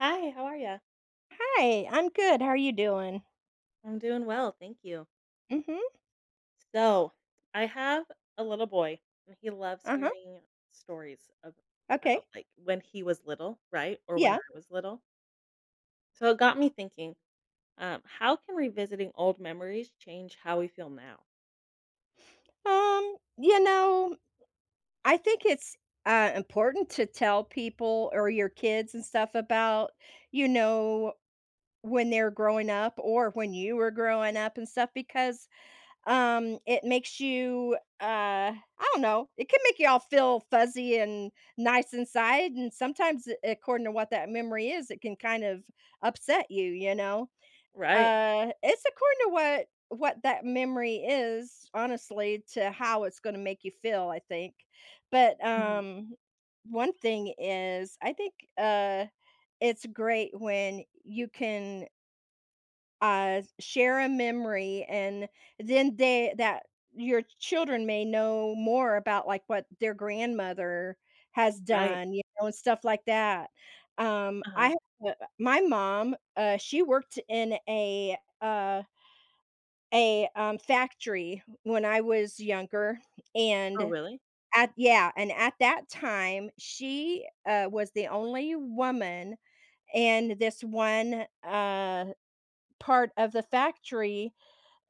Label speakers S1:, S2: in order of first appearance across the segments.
S1: Hi. How are ya?
S2: Hi. I'm good. How are you doing?
S1: I'm doing well. Thank you.
S2: Mhm.
S1: So, I have a little boy, and he loves
S2: Uh-huh.
S1: hearing stories about,
S2: Okay.
S1: like, when he was little, right, or when
S2: Yeah.
S1: I was little. So it got me thinking, um, how can revisiting old memories change how we feel now?
S2: Um, you know, I think it's, uh, important to tell people or your kids and stuff about, you know, when they're growing up or when you were growing up and stuff because, um, it makes you, uh I don't know. It can make you all feel fuzzy and nice inside. And sometimes, eh, according to what that memory is, it can kind of upset you. You know?
S1: Right.
S2: Uh, it's according to what what that memory is, honestly, to how it's gonna make you feel, I think. But,
S1: Mhm.
S2: um, one thing is I think, uh, it's great when you can uh, s share a memory and then the that your children may know more about, like, what their grandmother has
S1: Right.
S2: done, you know, and stuff like that. Um, I
S1: Uh-huh.
S2: ha uh, my mom, uh, she worked in a, uh a, um, factory when I was younger.
S1: Oh,
S2: And
S1: really?
S2: at Yeah, and at that time, she, uh, was the only woman in this one, uh, part of the factory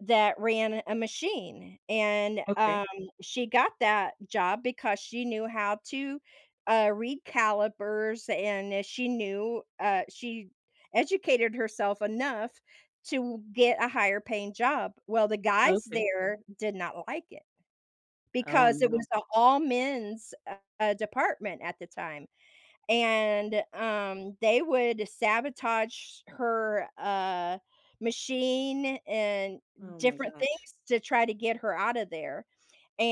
S2: that ran a machine. And,
S1: Okay.
S2: um, she got that job because she knew how to, uh, read calipers, and i she knew uh, she educated herself enough to get a higher paying job. Well, the guys
S1: Okay.
S2: there did not like it
S1: Oh,
S2: because it
S1: no.
S2: was a all men's, uh, department at the time. And, um, they would sabotage her, uh, machine and
S1: Oh my
S2: different
S1: gosh.
S2: things to try to get her out of there.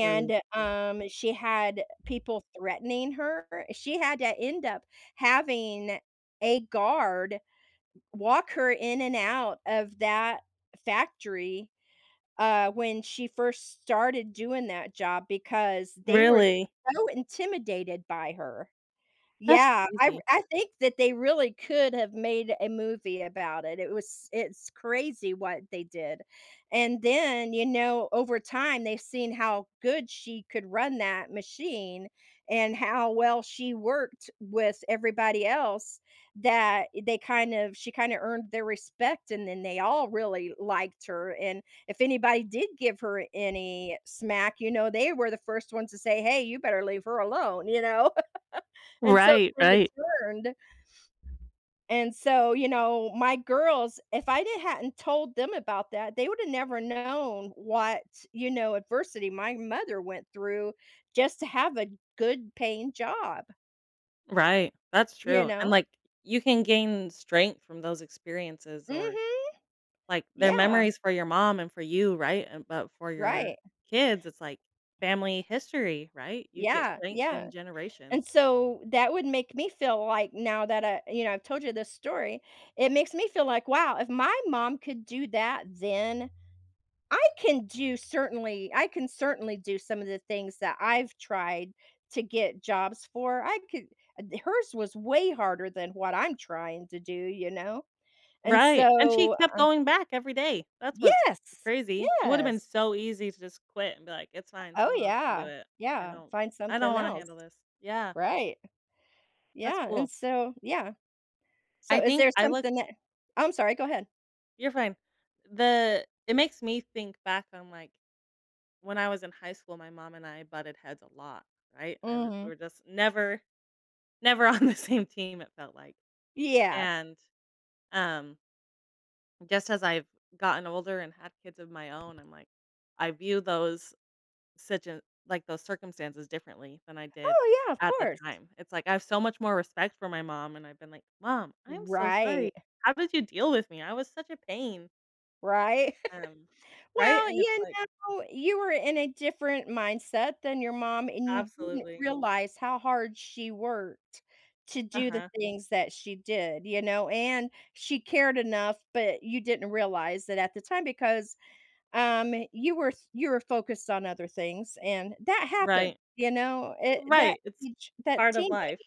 S1: Really?
S2: um, she had people threatening her. She had to end up having a guard walk her in and out of that factory, uh, when she first started doing that job because they were
S1: Really?
S2: so intimidated by her.
S1: That's
S2: Yeah. I r
S1: crazy.
S2: I think that they really could have made a movie about it. It was it's crazy what they did. And then, you know, over time, they've seen how good she could run that machine and how well she worked with everybody else that they kind of she kinda earned their respect, and then they all really liked her. And if anybody did give her any smack, you know, they were the first ones to say, "Hey, you better leave her alone." You know? And so it
S1: Right,
S2: kinda
S1: right.
S2: turned and so, you know, my girls, if I didn't hadn't told them about that, they woulda never known what, you know, adversity my mother went through just to have a good paying job.
S1: Right. That's
S2: You
S1: true, and,
S2: know?
S1: like, you can gain strength from those experiences or,
S2: Mhm.
S1: like, they're
S2: Yeah.
S1: memories for your mom and for you, right? An but for your
S2: Right.
S1: kids, it's like family history, right? You get
S2: Yeah,
S1: strength
S2: yeah,
S1: in
S2: and
S1: generations.
S2: so, that would make me feel like now that I you know, I told you this story, it makes me feel like, "Wow, if my mom could do that then, I can do certainly I can certainly do some of the things that I've tried to get jobs for. I could" D hers was way harder than what I'm trying to do, you know? And
S1: Right, and she
S2: so,
S1: kept
S2: uh
S1: going back every day, that's what's
S2: Yes!
S1: crazy. It would've been
S2: Yes.
S1: so easy to just quit and be like, "It's fine,
S2: Oh,
S1: someone else can do
S2: yeah.
S1: it. I
S2: Yeah,
S1: don't
S2: find
S1: I don't
S2: something
S1: wanna
S2: else.
S1: handle this." Yeah.
S2: Right.
S1: That's
S2: Yeah,
S1: cool.
S2: and so yeah.
S1: I
S2: So, is
S1: think
S2: there
S1: I look
S2: something that Oh, I'm sorry, go ahead.
S1: You're fine, the it makes me think back on, like, when I was in high school, my mom and I butted heads a lot, right? I wa we
S2: Mhm.
S1: were just never never on the same team, it felt like,
S2: Yeah.
S1: and, um just as I've gotten older and had kids of my own, I'm like, I view those, situa like, those circumstances differently than I did
S2: Oh, yeah, of
S1: at the
S2: course.
S1: time. It's like, I have so much more respect for my mom, and I've been like, "Mom, I am so sorry,
S2: Right.
S1: how did you deal with me? I was such a pain."
S2: Right?
S1: Um. Right?
S2: Well,
S1: And it's
S2: you
S1: like
S2: know, you were in a different mindset than your mom, and you didn't
S1: Absolutely.
S2: realize how hard she worked to do the
S1: Uh-huh.
S2: things that she did, you know, and she cared enough, but you didn't realize that at the time because, um, you were f you were focused on other things, and that happened,
S1: Right.
S2: you know, it that
S1: Right, it's
S2: teach that
S1: part of
S2: team
S1: life.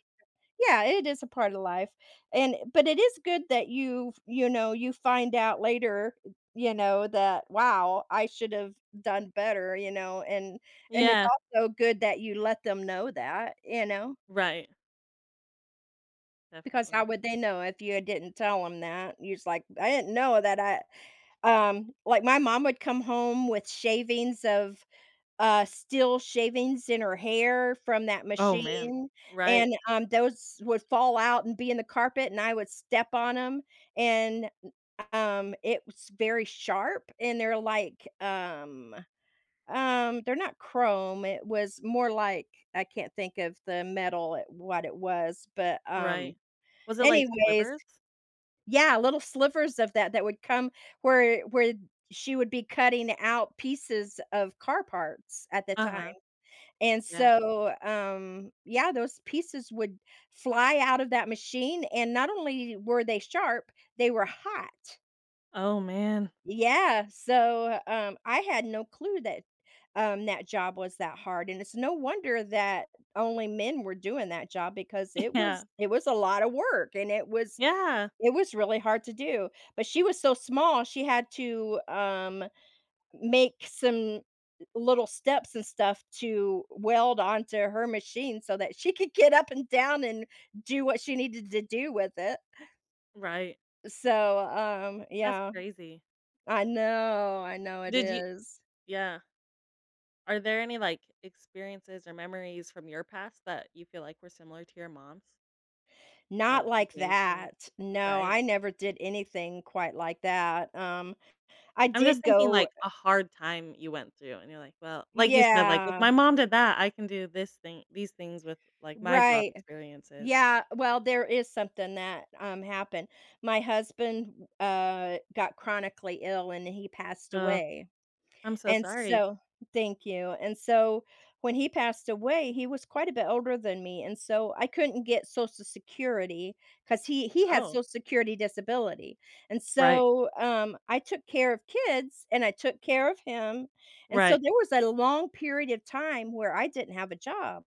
S2: Yeah, it is a part of life, and but it is good that you've you know, you find out later, you know, that, "Wow, I should've done better," you know, and and it's
S1: Yeah.
S2: also good that you let them know that, you know?
S1: Right.
S2: Because how
S1: Definitely.
S2: would they know if you had didn't tell 'em that? You're just like, "I didn't know that I" um, like, my mom would come home with shavings of, uh, steel shavings in her hair from that
S1: Oh, man.
S2: machine,
S1: Right.
S2: and, um, those would fall out and be in the carpet, and I would step on 'em, and, n um, it was very sharp, and they're, like, um um, they're not chrome, it was more like, I can't think of the metal, what it was, but, um,
S1: Right. Was it, like,
S2: anyways.
S1: slivers?
S2: Yeah, little slivers of that that would come where where she would be cutting out pieces of car parts at the time.
S1: Uh-huh.
S2: And
S1: Yeah.
S2: so, um, yeah, those pieces would fly out of that machine, and not only were they sharp, they were hot.
S1: Oh, man.
S2: Yeah, so, um, I had no clue that, um, that job was that hard, and it's no wonder that only men were doing that job because it was
S1: Yeah.
S2: it was a lotta work, and it was
S1: Yeah.
S2: it was really hard to do, but she was so small, she had to, um, m make some little steps and stuff to weld onto her machine so that she could get up and down and do what she needed to do with it.
S1: Right.
S2: So, um,
S1: That's
S2: yeah.
S1: crazy.
S2: I know, I know it
S1: Did you
S2: is.
S1: yeah. Are there any, like, experiences or memories from your past that you feel like were similar to your mom's?
S2: Not
S1: Oh, you
S2: like
S1: gained strength?
S2: that, no,
S1: Right?
S2: I never did anything quite like that, um, I
S1: I'm just
S2: did
S1: thinking,
S2: go
S1: like, a hard time you went through, and you're like, "Well" like you said, like, "If my
S2: Yeah.
S1: mom did that, I can do this thing these things with, like, my job
S2: Right,
S1: experiences."
S2: yeah, well, there is something that, um, happened, my husband, uh, got chronically ill, and he passed
S1: Oh,
S2: away,
S1: I'm so
S2: and
S1: sorry.
S2: so thank you. And so when he passed away, he was quite a bit older than me, and so I couldn't get Social Security 'cause he he had
S1: Oh.
S2: Social Security disability, and
S1: Right.
S2: so, um, I took care of kids and I took care of him, and so
S1: Right.
S2: there was a long period of time where I didn't have a job,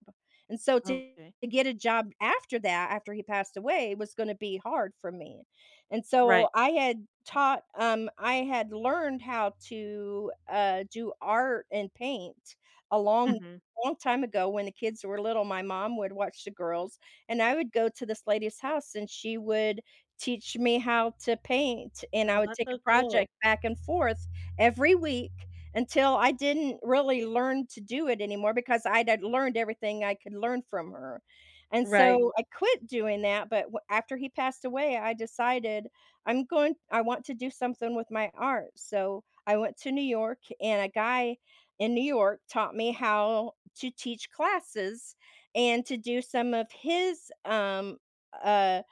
S2: and so to
S1: Okay.
S2: get a job after that, after he passed away, was gonna to be hard for me, and
S1: Right.
S2: so I had taught, um I had learned how to, uh, do art and paint a long,
S1: Mhm.
S2: long time ago when the kids were little, my mom would watch the girls, and I would go to this lady's house, and she would teach me how to paint, and
S1: Oh,
S2: I would
S1: that's
S2: take a
S1: so cool.
S2: project back and forth every week until I didn't really learn to do it anymore because I'd had learned everything I could learn from her. And
S1: Right.
S2: so I quit doing that, but w after he passed away, I decided I'm going I want to do something with my art. So, I went to New York, and a guy in New York taught me how to teach classes and to do some of his, um, uh,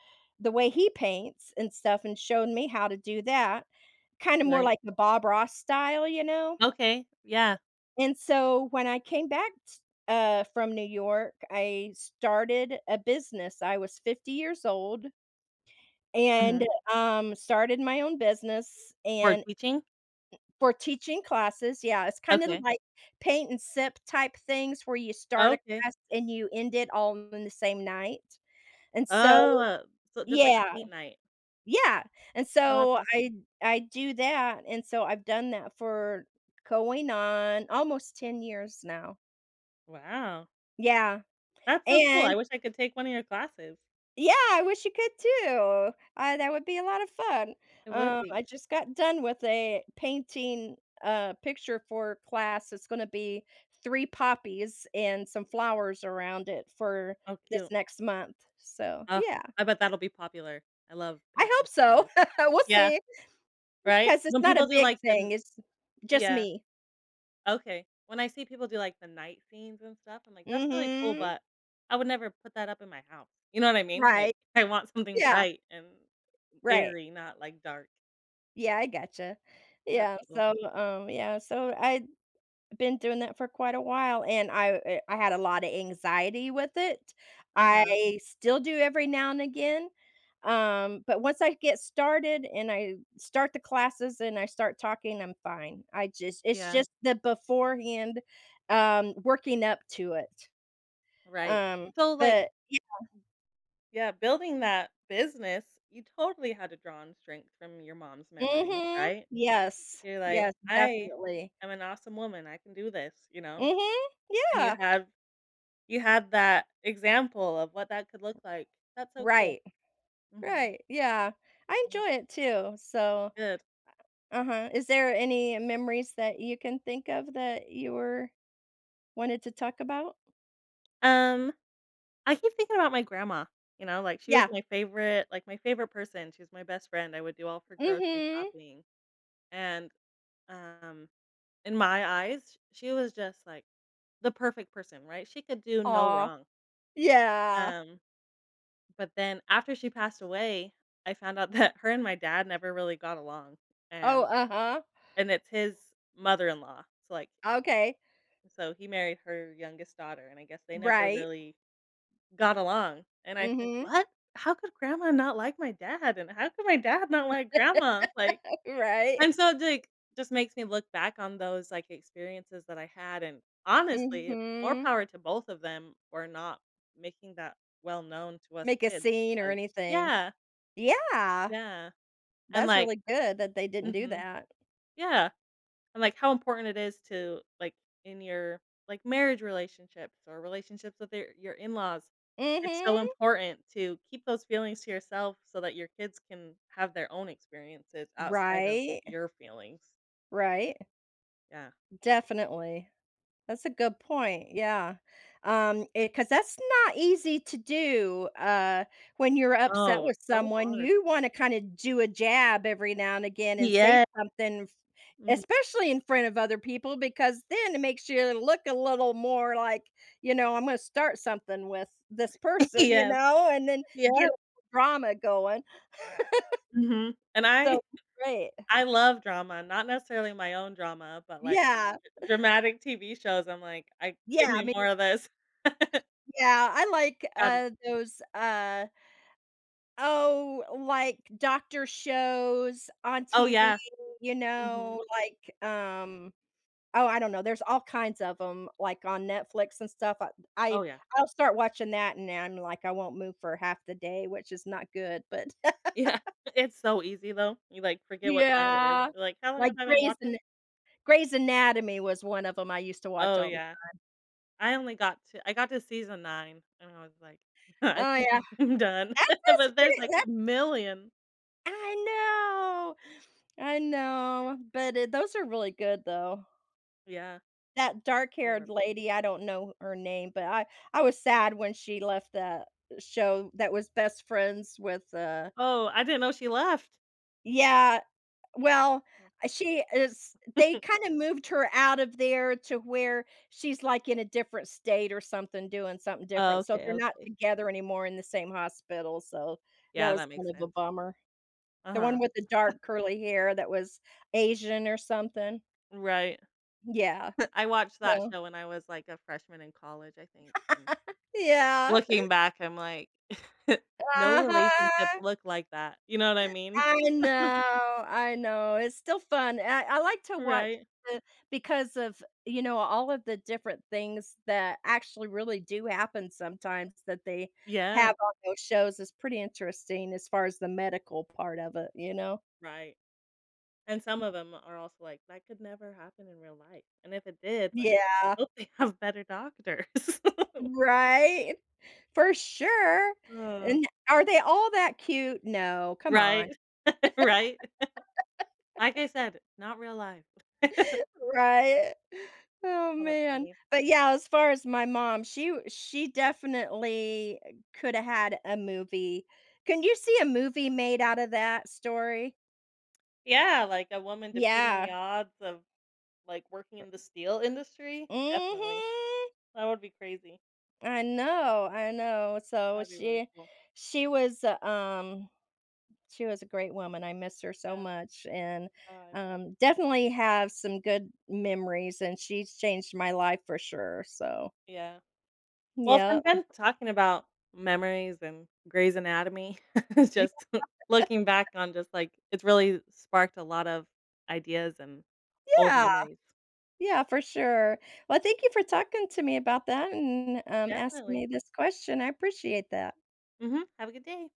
S2: the way he paints and stuff and showed me how to do that. Kinda more
S1: Right.
S2: like the Bob Ross style, you know?
S1: Okay, yeah.
S2: And so, when I came back t uh, from New York, I started a business. I was 50 years old and,
S1: Mhm.
S2: um, started my own business,
S1: For
S2: and n
S1: teaching?
S2: for teaching classes, yeah. It's kinda
S1: Okay.
S2: like paint and sip-type things where you start
S1: Oh,
S2: a
S1: okay.
S2: class and you end it all in the same night, and so
S1: Oh. So just, like, a
S2: Yeah.
S1: paint night.
S2: Yeah, and
S1: Oh, that's
S2: so,
S1: awesome.
S2: I I do that and so I've done that for going on almost 10 years now.
S1: Wow.
S2: Yeah.
S1: That's so cool, I
S2: And
S1: wish I could take one of your classes.
S2: Yeah, I wish you could, too. I that would be a lot of fun,
S1: It would
S2: um,
S1: be.
S2: I just got done with a painting, uh, picture for class. It's gonna be 3 poppies and some flowers around it for
S1: How
S2: this
S1: cute.
S2: next month, so
S1: Oh,
S2: yeah.
S1: I bet that'll be popular. I love
S2: I hope
S1: painting
S2: so.
S1: flowers.
S2: We'll
S1: Yeah,
S2: see.
S1: right?
S2: 'Cause it's
S1: When
S2: not
S1: people
S2: a
S1: do,
S2: big
S1: like, the
S2: thing, it's just
S1: Yeah.
S2: me.
S1: Okay. When I see people do, like, the night scenes and stuff, I'm like, "That's really cool,
S2: Mhm.
S1: but, I would never put that up in my house," you know what I mean? Like,
S2: Right.
S1: I want something
S2: Yeah.
S1: bright and
S2: Right.
S1: airy, not, like, dark.
S2: Yeah, I gotcha. Yeah,
S1: [unintelligible]
S2: so, um, yeah, so, I'd been doing that for quite a while, and I er I had a lot of anxiety with it,
S1: Uh-huh.
S2: I still do every now and again, um, but once I get started and I start the classes and I start talking, I'm fine. I just it's
S1: Yeah.
S2: just the beforehand, um, working up to it.
S1: Right.
S2: Um,
S1: So, like
S2: but, yeah.
S1: Yeah, building that business, you totally had to draw on strength from your mom's memory,
S2: Mhm.
S1: right?
S2: Yes.
S1: You're like,
S2: Yes,
S1: "I
S2: definitely.
S1: am an awesome woman, I can do this," you know?
S2: Mhm.
S1: And you
S2: Yeah.
S1: have you have that example of what that could look like. That's so cool.
S2: Right.
S1: Mhm.
S2: Right, yeah. I
S1: I love th
S2: enjoy it too, so
S1: Good.
S2: Uh-huh, is there any memories that you can think of that you were wanted to talk about?
S1: Um, I keep thinking about my grandma, you know, like, she was
S2: Yeah.
S1: my favorite, like, my favorite person, she was my best friend, I would do all of her grocery
S2: Mhm.
S1: shopping, and, um, in my eyes, sh she was just, like, the perfect person, right? She could do no
S2: Aw.
S1: wrong.
S2: Yeah.
S1: Um, but then after she passed away, I found out that her and my dad never really got along,
S2: Oh,
S1: and
S2: uh-huh.
S1: and it's his mother-in-law, so, like
S2: Okay.
S1: So, he married her youngest daughter, and I guess they never
S2: Right.
S1: really got along, and I think,
S2: Mhm.
S1: "What? How could grandma not like my dad? And how could my dad not like grandma? Like"
S2: Right.
S1: and so, d like, just makes me look back on those, like, experiences that I had, and, honestly, more
S2: Mhm.
S1: power to both of them for not making that well known to us
S2: Make a
S1: kids,
S2: scene or
S1: because
S2: anything.
S1: yeah.
S2: Yeah.
S1: Yeah. And
S2: That's
S1: like
S2: really good that they didn't do
S1: mhm.
S2: that.
S1: Yeah. And, like, how important it is to, like, in your, like, marriage relationships or relationships with your your in laws. It's so
S2: Mhm.
S1: important to keep those feelings to yourself so that your kids can have their own experiences outside of
S2: Right?
S1: your feelings.
S2: Right.
S1: Yeah.
S2: Definitely, that's a good point, yeah, um, eh, 'cause that's not easy to do, uh, when you're upset
S1: Oh,
S2: with
S1: so
S2: someone,
S1: hard.
S2: you wanna kinda do a jab every now and again and say
S1: Yeah
S2: something, f
S1: Mhm.
S2: Especially in front of other people because then it makes you look a little more like, you know, "I'm gonna start something with this person," you
S1: Yep.
S2: know, and then get a
S1: Yep.
S2: little drama going.
S1: Mhm, and
S2: So
S1: I
S2: Right.
S1: I love drama. Not necessarily my own drama, but, like,
S2: Yeah.
S1: dr dramatic TV shows, I'm like, "I give
S2: Yeah, I
S1: me
S2: mean,
S1: more of this."
S2: [unintelligible] yeah, I like,
S1: Um
S2: uh, those, uh, oh, like, doctor shows on
S1: Oh,
S2: TV,
S1: yeah.
S2: you
S1: Mhm.
S2: know, like, um, oh, I don't know, there's all kinds of 'em, like, on Netflix and stuff, uh b I
S1: Oh, yeah.
S2: I'll start watching that, and then, like, I won't move for half the day, which is not good, but
S1: Yeah. It's so easy, though. You, like, forget what time it is,
S2: Yeah,
S1: you're like, "How long
S2: like,
S1: have I been
S2: Grey's Ana
S1: watching?"
S2: Grey's Anatomy was one of 'em I used to watch
S1: Oh,
S2: all the time.
S1: yeah. I only got to I got to season 9, and I was like, "I
S2: Oh,
S1: think
S2: yeah.
S1: I'm done,"
S2: That's
S1: but
S2: just
S1: there's,
S2: pretty
S1: like,
S2: that
S1: a million.
S2: I know, I know, but it those are really good, though.
S1: Yeah.
S2: That dark
S1: They
S2: haired
S1: were fun.
S2: lady- I don't know her name- but I I was sad when she left the show that was best friends with, uh
S1: Oh, I didn't know she left.
S2: Yeah, well,
S1: Oh.
S2: she is they kinda moved her out of there to where she's, like, in a different state or something doing something
S1: Oh,
S2: different. So
S1: okay,
S2: they're not
S1: okay.
S2: together anymore in the same hospital. So that
S1: Yeah,
S2: was
S1: that
S2: kind
S1: makes
S2: of a
S1: sense.
S2: bummer. The
S1: Uh-huh.
S2: one with the dark curly hair that was Asian or something.
S1: Right.
S2: Yeah.
S1: I watched that
S2: So
S1: show when I was, like, a freshman in college, I think. And
S2: Yeah.
S1: looking back, I'm like, no relationships
S2: Uh-huh.
S1: look like that. You know what I mean?
S2: I know, I know. It's still fun. I I like to watch
S1: Right.
S2: the because of, you know, all of the different things that actually really do happen sometimes that they
S1: Yeah.
S2: have on those shows is pretty interesting, as far as the medical part of it, you know?
S1: Right. And some
S2: M
S1: of them are also like, "That could never happen in real life." And if it did, like,
S2: Yeah.
S1: "Hope they have better doctors."
S2: Right? For sure! And are they all that cute? No, come
S1: Right.
S2: on.
S1: Right? Like I said, not real life.
S2: Right? Oh,
S1: Hold up,
S2: man.
S1: honey.
S2: But, yeah, as far as my mom, she w she definitely coulda had a movie. Can you see a movie made out of that story?
S1: Yeah. Like, a woman defeating the
S2: Yeah.
S1: odds of, like, working
S2: Ri
S1: in the steel industry. Definitely.
S2: Mhm.
S1: That would be crazy.
S2: I know, I know. So
S1: That'd be really
S2: she
S1: cool.
S2: she was, uh, um she was a great woman, I miss her so
S1: Yeah.
S2: much and,
S1: Oh, I bet.
S2: um, definitely have some good memories, and she's changed my life for sure. So
S1: Yeah. Well, it's been
S2: Yep.
S1: fun talking about memories and Grey's Anatomy. It's just looking back on just, like it's really sparked a lot of ideas and old
S2: Yeah!
S1: memories.
S2: Yeah, for sure. Well, thank you for talking to me about that and, um, asking
S1: Definitely.
S2: me this question. I appreciate that.
S1: Mhm. Have a good day.